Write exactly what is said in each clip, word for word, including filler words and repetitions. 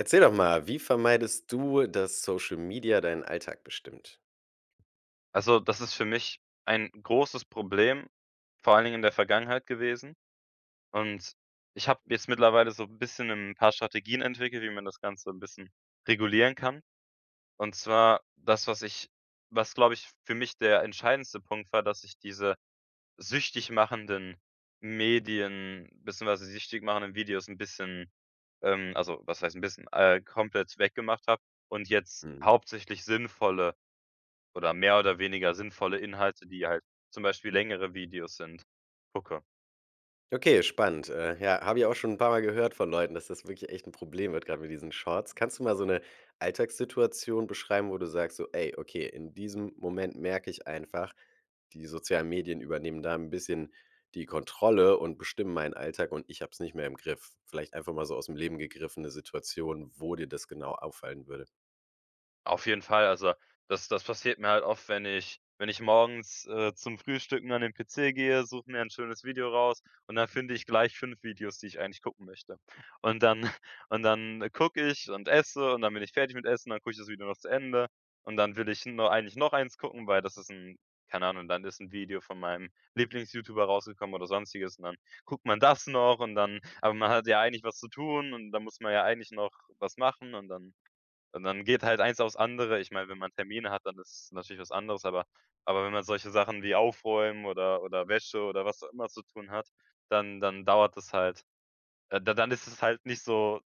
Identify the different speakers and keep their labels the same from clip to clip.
Speaker 1: Erzähl doch mal, wie vermeidest du, dass Social Media deinen Alltag bestimmt?
Speaker 2: Also, das ist für mich ein großes Problem vor allen Dingen in der Vergangenheit gewesen und ich habe jetzt mittlerweile so 'n bisschen 'n paar Strategien entwickelt, wie man das Ganze 'n bisschen regulieren kann. Und zwar, das, was ich was, glaube ich, für mich der entscheidendste Punkt war, dass ich diese süchtig machenden Medien, beziehungsweise süchtig machenden Videos 'n bisschen ähm, also was heißt 'n bisschen äh, komplett weggemacht habe und jetzt
Speaker 1: Mhm.
Speaker 2: hauptsächlich sinnvolle oder mehr oder weniger sinnvolle Inhalte, die halt zum Beispiel längere Videos sind, gucke.
Speaker 1: Okay, spannend. Äh, ja, habe ich auch schon 'n paarmal gehört von Leuten, dass das wirklich echt 'n Problem wird, grad mit diesen Shorts. Kannst du mal so 'ne Alltagssituation beschreiben, wo du sagst, so: „Ey, okay, in diesem Moment merke ich einfach, die sozialen Medien übernehmen da 'n bisschen die Kontrolle und bestimmen meinen Alltag und ich habe es nicht mehr im Griff.“ Vielleicht einfach mal so aus 'm Leben gegriffen 'ne Situation, wo dir das genau auffallen würde.
Speaker 2: Auf jeden Fall, also, das das passiert mir halt oft, wenn ich wenn ich morgens, äh, zum Frühstücken an den PC gehe, suche mir ein schönes Video raus und dann finde ich gleich fünf Videos, die ich eigentlich gucken möchte. Und dann und dann gucke ich und esse und dann bin ich fertig mit Essen und dann gucke ich das Video noch zu Ende und dann will ich n nur eigentlich noch eins gucken, weil das ist 'n keine Ahnung und dann ist 'n Video von meinem Lieblings-YouTuber rausgekommen oder sonstiges und dann guckt man das noch und dann aber man hat ja eigentlich was zu tun und dann muss man ja eigentlich noch was machen und dann und dann geht halt eins auf's andere. Ich meine, wenn man Termine hat, dann ist es natürlich was anderes, aber aber wenn man solche Sachen wie Aufräumen oder oder Wäsche oder was auch immer zu tun hat, dann dann dauert das halt. Äh, d dann ist es halt nicht so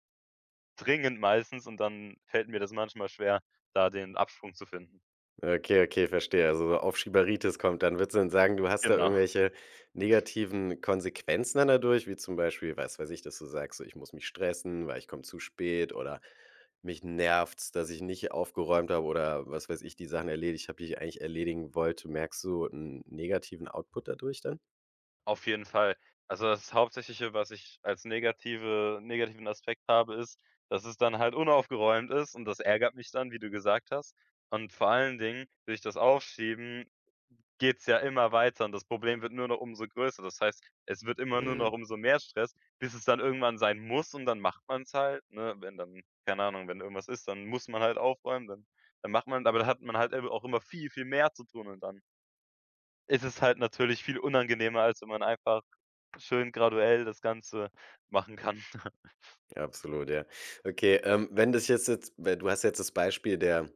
Speaker 2: dringend meistens und dann fällt mir das manchmal schwer, da den Absprung zu finden.
Speaker 1: Okay, okay, verstehe. Also, Aufschieberitis kommt dann. Würdest du denn sagen, du hast da
Speaker 2: Genau.
Speaker 1: irgendwelche negativen Konsequenzen dann dadurch, wie zum Beispiel, was weiß ich, dass du sagst, so ich muss mich stressen, weil ich komme zu spät oder mich nervt es, dass ich nicht aufgeräumt habe oder was weiß ich, die Sachen erledigt habe, die ich eigentlich erledigen wollte. Merkst du 'n negativen Output dadurch dann?
Speaker 2: Auf jeden Fall. Also, das Hauptsächliche, was ich als negative negativen Aspekt habe, ist, dass es dann halt unaufgeräumt ist und das ärgert mich dann, wie du gesagt hast. Und vor allen Dingen, will ich das aufschieben, geht's ja immer weiter und das Problem wird nur noch umso größer. Das heißt, es wird immer nur noch
Speaker 1: Mhm.
Speaker 2: umso mehr Stress, bis es dann irgendwann sein muss und dann macht man's halt, ne? Wenn dann keine Ahnung, wenn irgendwas ist, dann muss man halt aufräumen, dann dann macht man aber dann hat man halt ebe auch immer viel, viel mehr zu tun und dann ist es halt natürlich viel unangenehmer, als wenn man einfach schön graduell das Ganze machen kann.
Speaker 1: Absolut, ja. Okay, ähm, wenn das jetzt ez weil du hast jetzt das Beispiel der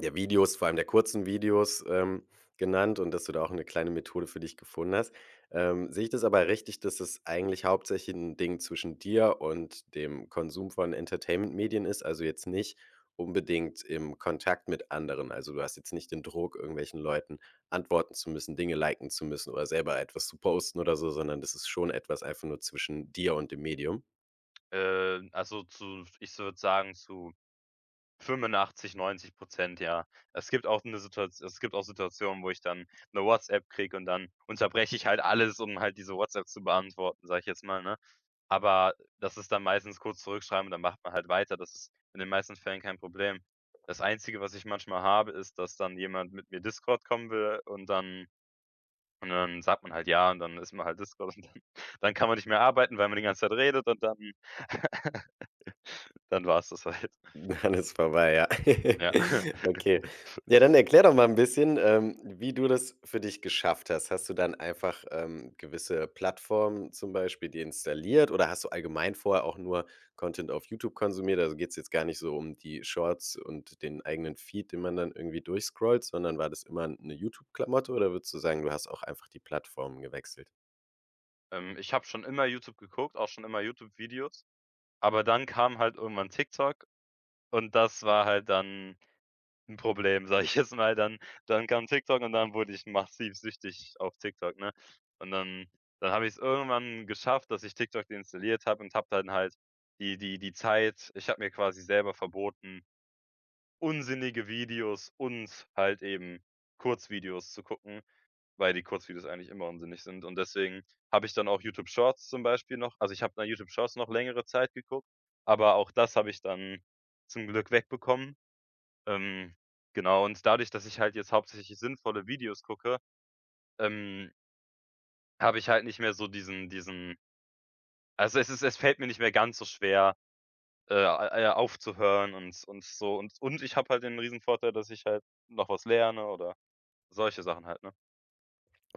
Speaker 1: der Videos, vor allem der kurzen Videos, ähm, genannt und, dass du da auch 'ne kleine Methode für dich gefunden hast. Ähm, sehe ich das aber richtig, dass es eigentlich hauptsächlich 'n Ding zwischen dir und dem Konsum von Entertainment-Medien ist? Also jetzt nicht unbedingt im Kontakt mit anderen. Also, du hast jetzt nicht den Druck, irgendwelchen Leuten antworten zu müssen, Dinge liken zu müssen oder selber etwas zu posten oder so, sondern das ist schon etwas einfach nur zwischen dir und dem Medium?
Speaker 2: Ähm, also zu, f ich s würde sagen, zu fünfundachtzig, neunzig Prozent, ja. Es gibt auch 'ne Situat es gibt auch Situationen, wo ich dann 'ne WhatsApp kriege und dann unterbreche ich halt alles, um halt diese WhatsApp zu beantworten, sage ich jetzt mal, ne? Aber das ist dann meistens kurz zurückschreiben und dann macht man halt weiter. Das ist in den meisten Fällen kein Problem. Das Einzige, was ich manchmal habe, ist, dass dann jemand mit mir Discord kommen will und dann und dann sagt man halt „ja“ und dann ist man halt Discord und dann dann kann man nicht mehr arbeiten, weil man die ganze Zeit redet und dann dann war's das halt.
Speaker 1: Dann ist vorbei, ja.
Speaker 2: Ja.
Speaker 1: Okay. Ja, dann erklär doch mal 'n bisschen, ähm, wie du das für dich geschafft hast. Hast du dann einfach, ähm, gewisse Plattformen zum Beispiel deinstalliert oder hast du allgemein vorher auch nur Content auf YouTube konsumiert? Also, geht's jetzt gar nicht so um die Shorts und den eigenen Feed, den man dann irgendwie durchscrollt, sondern war das immer 'n 'ne YouTube-Klamotte oder würdest du sagen, du hast auch einfach die Plattform gewechselt?
Speaker 2: Ähm, ich habe schon immer YouTube geguckt, auch schon immer YouTube-Videos, aber dann kam halt irgendwann TikTok und das war halt dann 'n Problem, sage ich jetzt mal, dann dann kam TikTok und dann wurde ich massiv süchtig auf TikTok, ne? Und dann dann habe ich's irgendwann geschafft, dass ich TikTok deinstalliert habe und habe dann halt die die die Zeit ich habe mir quasi selber verboten, unsinnige Videos und halt eben Kurzvideos zu gucken, weil die Kurzvideos eigentlich immer unsinnig sind. Und deswegen habe ich dann auch YouTube-Shorts zum Beispiel noch also, ich habe noch YouTube-Shorts noch längere Zeit geguckt, aber auch das habe ich dann zum Glück wegbekommen. Ähm, genau und dadurch, dass ich halt jetzt hauptsächlich sinnvolle Videos gucke, ähm habe ich halt nicht mehr so diesen diesen also, es es es fällt mir nicht mehr ganz so schwer, äh, a ja aufzuhören und und so und und ich habe halt den Riesenvorteil, dass ich halt noch was lerne oder solche Sachen halt, ne?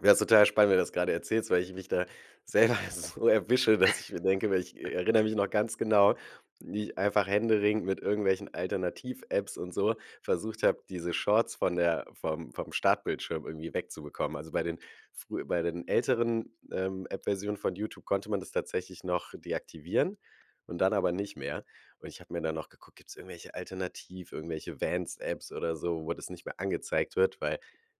Speaker 1: Wär's total spannend, wenn du das gerade erzählst, weil ich mich da selber so erwische, dass ich mir denke weil ich erinnere mich noch ganz genau, wie ich einfach händeringend mit irgendwelchen Alternativ-Apps und so versucht habe, diese Shorts von der vom vom Startbildschirm irgendwie wegzubekommen. Also, bei den frühe bei den älteren, ähm, App-Versionen von YouTube konnte man das tatsächlich noch deaktivieren und dann aber nicht mehr. Und, ich habe mir dann noch geguckt, gibt's irgendwelche Alternativ irgendwelche Vanced-Apps oder so, wo das nicht mehr angezeigt wird, weil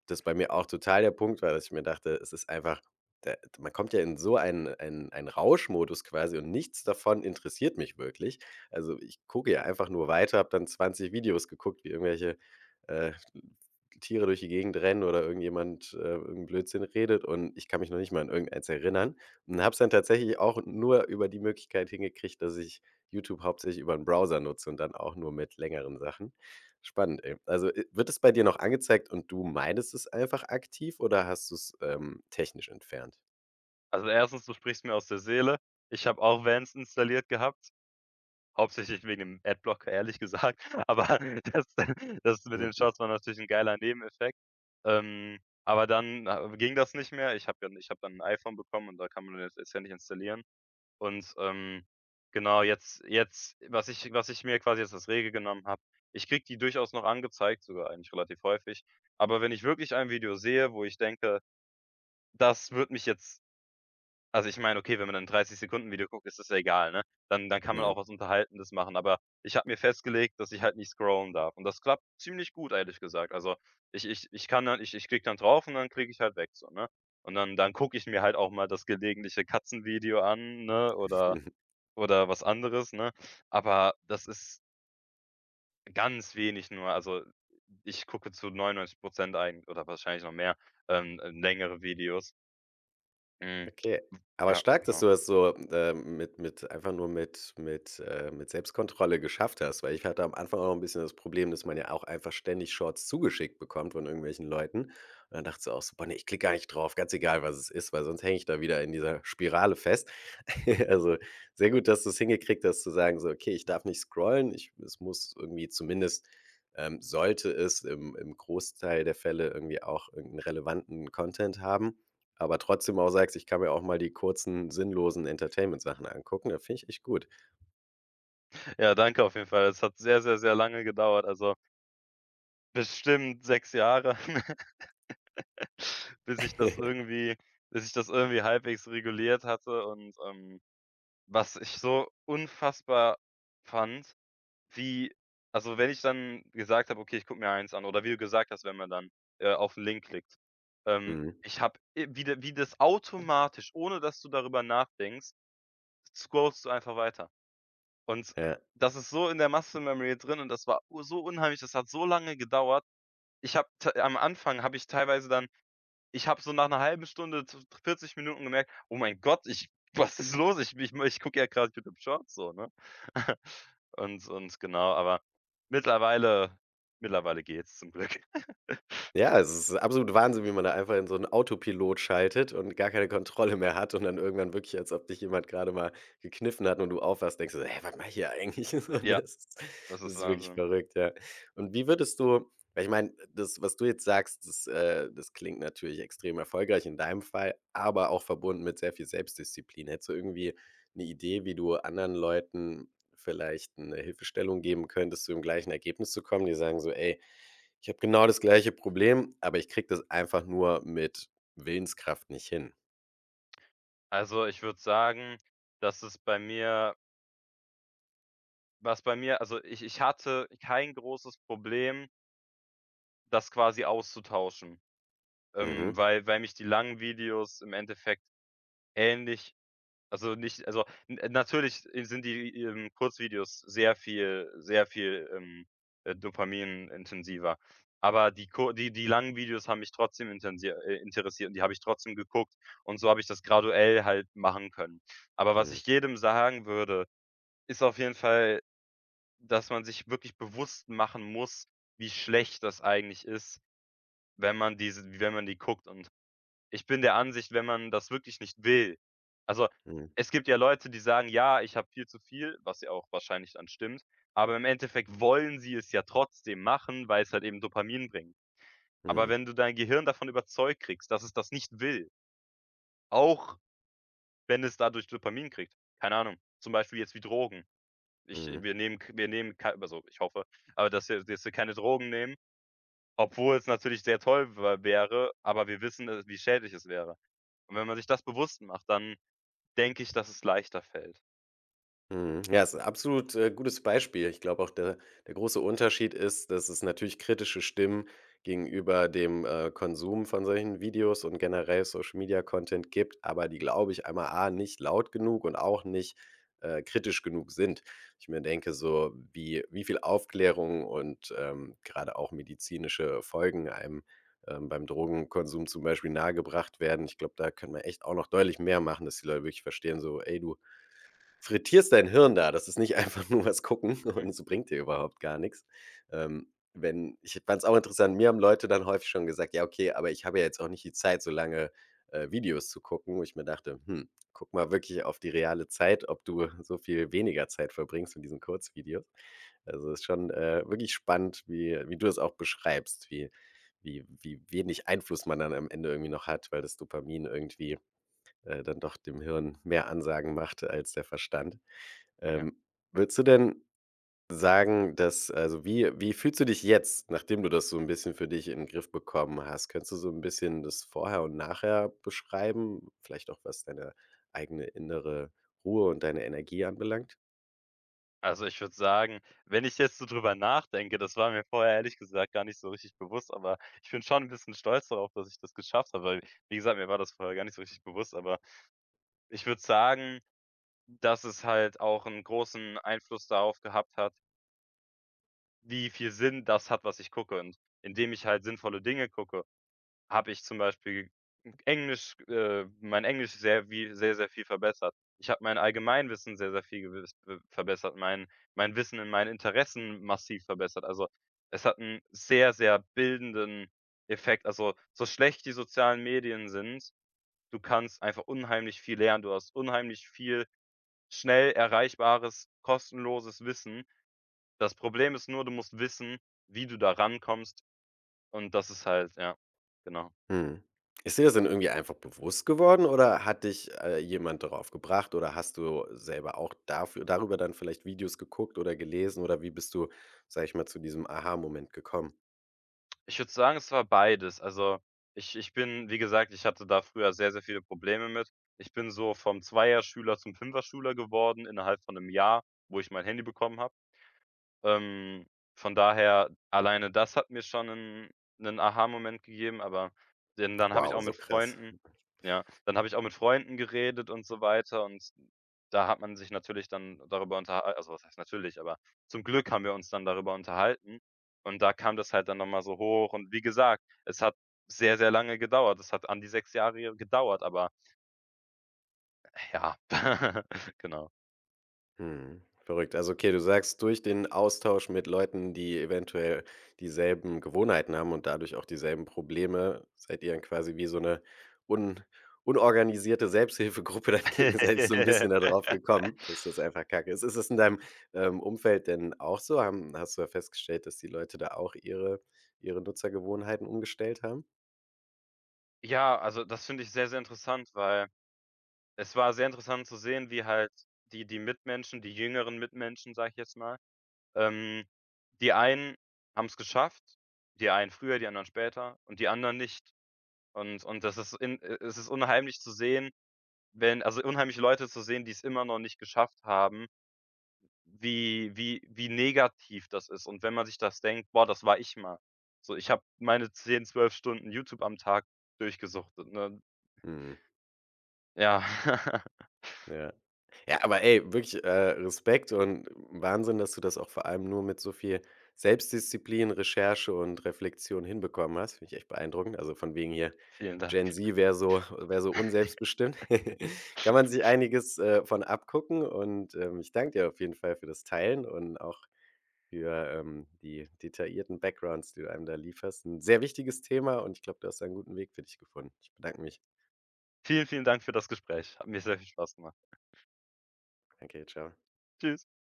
Speaker 1: das bei mir auch total der Punkt war, dass ich mir dachte, es ist einfach da man kommt ja in so einen einen einen Rauschmodus quasi und nichts davon interessiert mich wirklich. Also, ich gucke ja einfach nur weiter, habe dann zwanzig Videos geguckt, wie irgendwelche, äh, Tiere durch die Gegend rennen oder irgendjemand, äh, irgend 'n Blödsinn redet und ich kann mich noch nicht mal an irgendeins erinnern. Und habe es dann tatsächlich auch nur über die Möglichkeit hingekriegt, dass ich YouTube hauptsächlich über 'n Browser nutze und dann auch nur mit längeren Sachen. Spannend, ey. Also, äh, wird das bei dir noch angezeigt und du meidest es einfach aktiv oder hast du's, ähm, technisch entfernt?
Speaker 2: Also, erstens, du sprichst mir aus der Seele. Ich hab auch Vanced installiert gehabt, hauptsächlich wegen dem Adblocker ehrlich gesagt, aber das das mit den
Speaker 1: Mhm.
Speaker 2: Shorts war natürlich 'n geiler Nebeneffekt. Ähm, aber dann, ah, ging das nicht mehr. Ich habe dann ich habe dann 'n iPhone bekommen und da kann man das jetzt ja nicht installieren und, ähm, genau jetzt jetzt, was ich was ich mir quasi als Regel genommen habe ich kriege die durchaus noch angezeigt, sogar eigentlich relativ häufig. Aber wenn ich wirklich ein Video sehe, wo ich denke, das würde mich jetzt also, ich meine, okay, wenn man 'n dreißig Sekunden Video guckt, ist das ja egal, ne? Dann dann kann man auch
Speaker 1: Mhm.
Speaker 2: was Unterhaltendes machen. Aber ich habe mir festgelegt, dass ich halt nicht scrollen darf und das klappt ziemlich gut, ehrlich gesagt. Also, ich ich ich kann dann ich -ich klicke dann drauf und dann klicke ich halt weg so, ne? Und dann dann gucke ich mir halt auch mal das gelegentliche Katzenvideo an, ne? Oder oder was anderes, ne? Aber das ist ganz wenig nur. Also, ich gucke zu neunundneunzig Prozent eig oder wahrscheinlich noch mehr, ähm, längere Videos. Mhm.
Speaker 1: Okay, aber
Speaker 2: Ja,
Speaker 1: stark, dass
Speaker 2: genau.
Speaker 1: du das so, ähm, mit mit einfach nur mit mit, äh mit Selbstkontrolle geschafft hast, weil ich hatte am Anfang auch noch 'n bisschen das Problem, dass man ja auch einfach ständig Shorts zugeschickt bekommt von irgendwelchen Leuten. Und dann dachte so auch: „Super, ne, ich klicke gar nicht drauf, ganz egal, was es ist, weil sonst hänge ich da wieder in dieser Spirale fest.“ Also sehr gut, dass du es hingekriegt hast, zu sagen, so: „Okay, ich darf nicht scrollen. Ich es muss irgendwie zumindest ähm, sollte es im im Großteil der Fälle irgendwie auch irgend 'n relevanten Content haben.“ Aber trotzdem auch sagst: „Ich kann mir auch mal die kurzen sinnlosen Entertainment-Sachen angucken.“ Das find ich echt gut.
Speaker 2: Ja, danke auf jeden Fall. Es hat sehr, sehr, sehr lange gedauert, also bestimmt sechs Jahre, bis ich das irgendwie bis ich das irgendwie halbwegs reguliert hatte und, ähm. Was ich so unfassbar fand, wie also, wenn ich dann gesagt habe: „Okay, ich gucke mir eins an“ oder wie du gesagt hast, wenn man dann, äh, auf 'n Link klickt. Ähm,
Speaker 1: Mhm.
Speaker 2: ich habe, äh, wie das wie das automatisch, ohne dass du darüber nachdenkst, scrollst du einfach weiter. Und
Speaker 1: Ja.
Speaker 2: das ist so in der muscle memory drin und das war u so unheimlich. Das hat so lange gedauert. Ich habe t am Anfang habe ich teilweise dann ich habe so nach 'ner halben Stunde zu vierzig Minuten gemerkt: „Oh mein Gott, ich was ist los? Ich möchte ich gucke ja gerade YouTube-Shorts so“, ne? Und und genau, aber mittlerweile mittlerweile geht's zum Glück.
Speaker 1: Ja, also es ist absolut Wahnsinn, wie man da einfach in so 'n Autopilot schaltet und gar keine Kontrolle mehr hat und dann irgendwann wirklich als ob dich jemand grade mal gekniffen hat und du aufwachst, denkst dir so: „Hä, warte mal hier eigentlich“,
Speaker 2: Ja,
Speaker 1: ne? Das
Speaker 2: das ist
Speaker 1: ist wirklich
Speaker 2: Wahnsinn.
Speaker 1: verrückt, ja. Und wie würdest du weil ich meine, das was was du jetzt sagst, das äh, das klingt natürlich extrem erfolgreich in deinem Fall, aber auch verbunden mit sehr viel Selbstdisziplin. Hättest du irgendwie 'ne Idee, wie du anderen Leuten vielleicht 'ne Hilfestellung geben könntest, zu dem gleichen Ergebnis zu kommen, die sagen so: „Ey, ich habe genau das gleiche Problem, aber ich kriege das einfach nur mit Willenskraft nicht hin.“
Speaker 2: Also, ich würde sagen, dass es bei mir was bei mir also, ich ich hatte kein großes Problem das quasi auszutauschen, ähm,
Speaker 1: Mhm.
Speaker 2: weil weil mich die langen Videos im Endeffekt ähnlich also nicht also n natürlich sind die, ähm, Kurzvideos sehr viel sehr viel, ähm, äh, dopaminintensiver, aber die ku die die langen Videos haben mich trotzdem intensier äh, interessiert und die habe ich trotzdem geguckt und so habe ich das graduell halt machen können. Aber was
Speaker 1: Mhm.
Speaker 2: ich jedem sagen würde, ist auf jeden Fall, dass man sich wirklich bewusst machen muss, wie schlecht das eigentlich ist, wenn man diese wenn man die guckt und ich bin der Ansicht, wenn man das wirklich nicht will also
Speaker 1: Mhm.
Speaker 2: es gibt ja Leute, die sagen: „Ja, ich habe viel zu viel“, was ja auch wahrscheinlich dann stimmt, aber im Endeffekt wollen sie es ja trotzdem machen, weil's halt eben Dopamin bringt. Aber
Speaker 1: Mhm.
Speaker 2: wenn du dein Gehirn davon überzeugt kriegst, dass es das nicht will auch wenn es dadurch Dopamin kriegt, keine Ahnung, zum Beispiel jetzt wie Drogen. Ich
Speaker 1: Mhm.
Speaker 2: wir nehmen k wir nehmen k also, ich hoffe, aber dass wir dass wir keine Drogen nehmen, obwohl es natürlich sehr toll w wäre, aber wir wissen, äh, wie schädlich es wäre. Und wenn man sich das bewusst macht, dann denke ich, dass es leichter fällt.
Speaker 1: Mhm. Ja, ist 'n absolut, äh, gutes Beispiel. Ich glaube auch, de der große Unterschied ist, dass es natürlich kritische Stimmen gegenüber dem, äh, Konsum von solchen Videos und generell Social-Media-Content gibt, aber die, glaube ich, einmal A, nicht laut genug und auch nicht, äh, kritisch genug sind. Wo ich mir denke so, wie wie viel Aufklärung und, ähm, gerade auch medizinische Folgen einem, ähm, beim Drogenkonsum zum Beispiel nahegebracht werden. Ich glaube, da können wir echt auch noch deutlich mehr machen, dass die Leute wirklich verstehen so: „Ey, du frittierst dein Hirn da. Das ist nicht einfach nur was gucken
Speaker 2: Mhm.
Speaker 1: und es bringt dir überhaupt gar nix.“ Ähm, wenn ich fand es auch interessant, mir haben Leute dann häufig schon gesagt: „Ja okay, aber ich habe ja jetzt auch nicht die Zeit, so lange, äh, Videos zu gucken.“ wo ich mir dachte: „Hm, gucke mal wirklich auf die reale Zeit, ob du so viel weniger Zeit verbringst mit diesen Kurzvideos.“ Also, ist schon, äh, wirklich spannend, wie wie du es auch beschreibst, wie wie wie wenig Einfluss man dann am Ende irgendwie noch hat, weil das Dopamin irgendwie, äh, dann doch dem Hirn mehr Ansagen macht als der Verstand.
Speaker 2: Ja.
Speaker 1: Ähm, würdest du denn sagen, dass also, wie wie fühlst du dich jetzt, nachdem du das so 'n bisschen für dich in den Griff bekommen hast, könntest du so 'n bisschen das Vorher und Nachher beschreiben? Vielleicht auch, was deine eigene innere Ruhe und deine Energie anbelangt?
Speaker 2: Also, ich würd sagen, wenn ich jetzt so drüber nachdenke, das war mir vorher ehrlich gesagt gar nicht so richtig bewusst, aber ich bin schon 'n bisschen stolz darauf, dass ich das geschafft habe, weil wie gesagt, mir war das vorher gar nicht so richtig bewusst, aber ich würde sagen, dass es halt auch 'n großen Einfluss darauf gehabt hat wie viel Sinn das hat, was ich gucke. Und, indem ich halt sinnvolle Dinge gucke, habe ich zum Beispiel Englisch, äh, mein Englisch sehr wie sehr, sehr viel verbessert. Ich habe mein Allgemeinwissen sehr, sehr viel gew verbessert, mein mein Wissen in meinen Interessen massiv verbessert. Also, es hat 'n sehr, sehr bildenden Effekt. Also, so schlecht die sozialen Medien sind, du kannst einfach unheimlich viel lernen. Du hast unheimlich viel schnell erreichbares, kostenloses Wissen. Das Problem ist nur, du musst wissen, wie du da rankommst und das ist halt ja, genau.
Speaker 1: Mhm. Ist dir das denn irgendwie einfach bewusst geworden oder hat dich, äh, jemand darauf gebracht oder hast du selber auch dafür darüber dann vielleicht Videos geguckt oder gelesen? Oder wie bist du, sage ich mal, zu diesem Aha-Moment gekommen?
Speaker 2: Ich würde sagen, es war beides. Also, ich ich bin wie gesagt, ich hatte da früher sehr, sehr viele Probleme mit. Ich bin so vom Zweier-Schüler zum Fünfer-Schüler geworden innerhalb von 'nem Jahr, wo ich mein Handy bekommen habe. Ähm, von daher, alleine das hat mir schon 'nen 'nen Aha-Moment gegeben, aber den dann habe ich
Speaker 1: Wow,
Speaker 2: auch
Speaker 1: so
Speaker 2: mit
Speaker 1: krass.
Speaker 2: Freunden ja, dann habe ich auch mit Freunden geredet und so weiter und da hat man sich natürlich dann darüber unterh also, was heißt natürlich, aber zum Glück haben wir uns dann darüber unterhalten und da kam das halt dann noch mal so hoch und wie gesagt, es hat sehr, sehr lange gedauert. Es hat an die sechs Jahre gedauert, aber Ja, genau.
Speaker 1: Mhm. Verrückt. Also, okay, du sagst: „Durch den Austausch mit Leuten, die eventuell dieselben Gewohnheiten haben und dadurch auch dieselben Probleme, seid ihr dann quasi wie so 'ne un unorganisierte Selbsthilfegruppe dagegen, selbst so 'n bisschen da drauf gekommen, dass das einfach kacke ist“. Ist ist das in deinem, ähm, Umfeld denn auch so? Haben hast du da festgestellt, dass die Leute da auch ihre ihre Nutzergewohnheiten umgestellt haben?
Speaker 2: Ja, also das finde ich sehr, sehr interessant, weil es war sehr interessant zu sehen, wie halt die die Mitmenschen, die jüngeren Mitmenschen, sage ich jetzt mal ähm, die einen haben es geschafft. Die einen früher, die anderen später und die anderen nicht. Und und das ist in äh, unheimlich zu sehen, wenn also, unheimlich Leute zu sehen, die es immer noch nicht geschafft haben wie wie wie negativ das ist. Und wenn man sich das denkt: „Boah, das war ich mal.“ So, ich hab meine zehn, zwölf Stunden YouTube am Tag durgesuchtet, ne?
Speaker 1: Mhm.
Speaker 2: Ja.
Speaker 1: Ja. Ja, aber ey, wirklich, äh, Respekt und Wahnsinn, dass du das auch vor allem nur mit so viel Selbstdisziplin, Recherche und Reflexion hinbekommen hast. Finde ich echt beeindruckend. Also, von wegen hier,
Speaker 2: Vielen Dank.
Speaker 1: Gen-Z wäre so wäre so unselbstbestimmt, kann man sich einiges, äh, von abgucken. Und, ähm, ich danke dir auf jeden Fall für das Teilen und auch für, ähm, die detaillierten Backgrounds, die du einem da lieferst. 'N sehr wichtiges Thema und ich glaube, du hast da 'n guten Weg für dich gefunden. Ich bedanke mich.
Speaker 2: Vielen, vielen Dank für das Gespräch. Hat mir sehr viel Spaß gemacht.
Speaker 1: Okay, tschau.
Speaker 2: Tschüss.